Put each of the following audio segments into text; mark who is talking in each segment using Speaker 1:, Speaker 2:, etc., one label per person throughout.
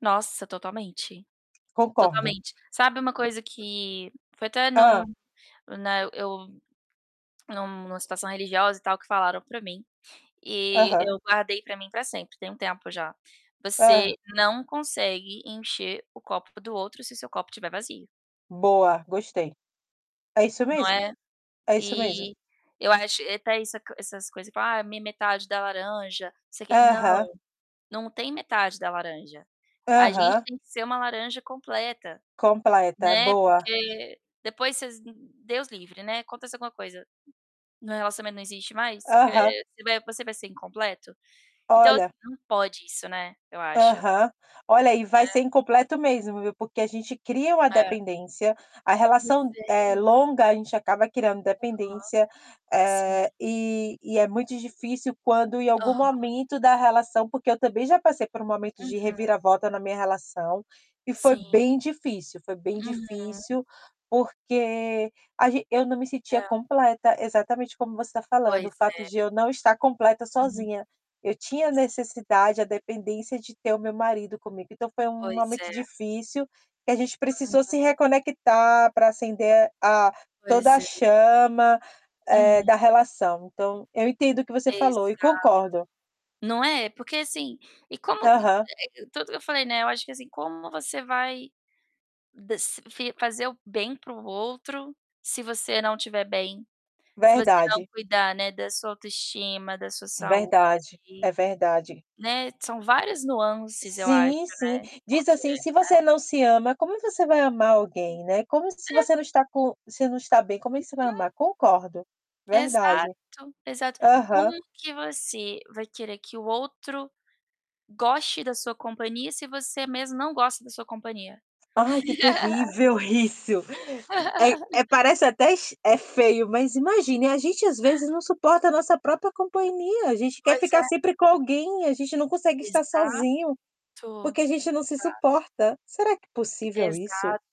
Speaker 1: Nossa, totalmente.
Speaker 2: Concordo.
Speaker 1: Totalmente. Sabe uma coisa que foi até num
Speaker 2: Hã.
Speaker 1: né, eu num em uma situação religiosa e tal, que falaram pra mim e
Speaker 2: Aham.
Speaker 1: eu guardei pra mim pra sempre, tem um tempo já: "Você
Speaker 2: Hã.
Speaker 1: não consegue encher o copo do outro se o seu copo tiver vazio".
Speaker 2: Boa, gostei. É isso
Speaker 1: Não
Speaker 2: mesmo.
Speaker 1: é?
Speaker 2: É isso mesmo.
Speaker 1: E eu acho e até isso co essas coisa, fala: "Ah, minha metade da laranja", não sei o quê. Não,
Speaker 2: Aham.
Speaker 1: não tem metade da laranja. A gente
Speaker 2: Aham.
Speaker 1: tem que ser uma laranja completa,
Speaker 2: Completa,
Speaker 1: né,
Speaker 2: boa.
Speaker 1: porque depois vocês Deus livre, né, acontece alguma coisa, o relacionamento não existe mais, que
Speaker 2: Aham.
Speaker 1: você vai você vai ser incompleto? Então assim,
Speaker 2: Olha.
Speaker 1: não pode isso, né, eu acho.
Speaker 2: Aham. Olha, e vai ser
Speaker 1: Né.
Speaker 2: incompleto mesmo, viu. Porque a gente cria uma
Speaker 1: É.
Speaker 2: dependência, a
Speaker 1: Pois
Speaker 2: relação, eh,
Speaker 1: é.
Speaker 2: longa a gente acaba criando
Speaker 1: Aham.
Speaker 2: dependência,
Speaker 1: Sim.
Speaker 2: eh, e e é muito difícil quando em algum
Speaker 1: Aham.
Speaker 2: momento da relação porque eu também já passei por um momento de
Speaker 1: Uhum.
Speaker 2: reviravolta na minha relação e foi
Speaker 1: Sim.
Speaker 2: bem difícil, foi bem
Speaker 1: Uhum.
Speaker 2: difícil, porque a ge eu não me sentia
Speaker 1: É.
Speaker 2: completa. Exatamente como você tá falando: o
Speaker 1: Pois
Speaker 2: fato
Speaker 1: é.
Speaker 2: de eu não estar completa
Speaker 1: Hum.
Speaker 2: sozinha. Eu tinha
Speaker 1: Sim.
Speaker 2: necessidade, a dependência, de ter o meu marido comigo. Então foi um
Speaker 1: Pois
Speaker 2: momento
Speaker 1: é.
Speaker 2: difícil, que a gente precisou
Speaker 1: [unintelligible]
Speaker 2: se reconectar pra acender a toda
Speaker 1: Pois
Speaker 2: a
Speaker 1: é.
Speaker 2: chama, eh,
Speaker 1: Uhum.
Speaker 2: da relação. Então eu entendo o que você falou e
Speaker 1: Exato.
Speaker 2: concordo.
Speaker 1: Não é? Porque assim, e como que
Speaker 2: Aham.
Speaker 1: e é tudo que eu falei, né, eu acho que assim, como você vai desa fi fazer o bem para o outro se você não tiver bem, se você não
Speaker 2: Verdade.
Speaker 1: cuidar, né, da sua autoestima, da sua
Speaker 2: Verdade,
Speaker 1: saúde,
Speaker 2: é verdade.
Speaker 1: né. São várias nuances, eu acho,
Speaker 2: Sim,
Speaker 1: né.
Speaker 2: sim. Diz
Speaker 1: Porque
Speaker 2: assim: "Se
Speaker 1: É.
Speaker 2: você não se ama, como você vai amar alguém, né. Como se você
Speaker 1: É.
Speaker 2: não está co se não está bem, como é que você vai
Speaker 1: Uhum.
Speaker 2: amar?" Concordo. Verdade.
Speaker 1: Exato, exato. Como
Speaker 2: Aham.
Speaker 1: que você vai querer que o outro goste da sua companhia se você mesmo não gosta da sua companhia?
Speaker 2: Ai que terrível isso. É é parece até es é feio, mas imagine, a gente às vezes não suporta nossa própria companhia. A gente quer
Speaker 1: Pois
Speaker 2: ficar
Speaker 1: é.
Speaker 2: sempre com alguém. A gente não consegue estar
Speaker 1: Exato.
Speaker 2: sozinho,
Speaker 1: Exato.
Speaker 2: porque a gente não se suporta. Será que é possível isso?
Speaker 1: Exato.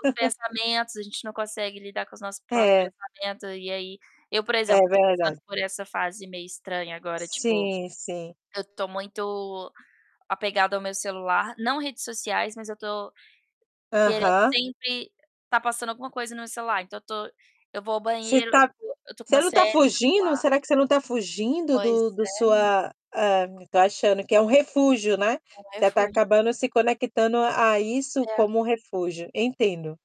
Speaker 1: Os pensamentos, a gente não consegue lidar com os nossos próprios
Speaker 2: É.
Speaker 1: pensamentos e aí eu, por
Speaker 2: É
Speaker 1: exemplo, tô passando
Speaker 2: verdade.
Speaker 1: por essa fase meio estranha agora, tipo,
Speaker 2: Sim, sim.
Speaker 1: eu tô muito apegada ao meu celular, não redes sociais, mas eu tô querendo
Speaker 2: Aham.
Speaker 1: sempre tá passando alguma coisa no meu celular. Então eu tô eu vou ao
Speaker 2: Você
Speaker 1: banheiro,
Speaker 2: tá
Speaker 1: eu tô com
Speaker 2: você
Speaker 1: uma
Speaker 2: não tá
Speaker 1: série no
Speaker 2: fugindo?
Speaker 1: celular.
Speaker 2: Será que você não tá fugindo
Speaker 1: Pois
Speaker 2: do do
Speaker 1: é, menina.
Speaker 2: sua ah tô achando que é um refúgio, né.
Speaker 1: É um
Speaker 2: Você tá
Speaker 1: refúgio.
Speaker 2: acabando se conectando a a isso
Speaker 1: É.
Speaker 2: como refúgio. Entendo.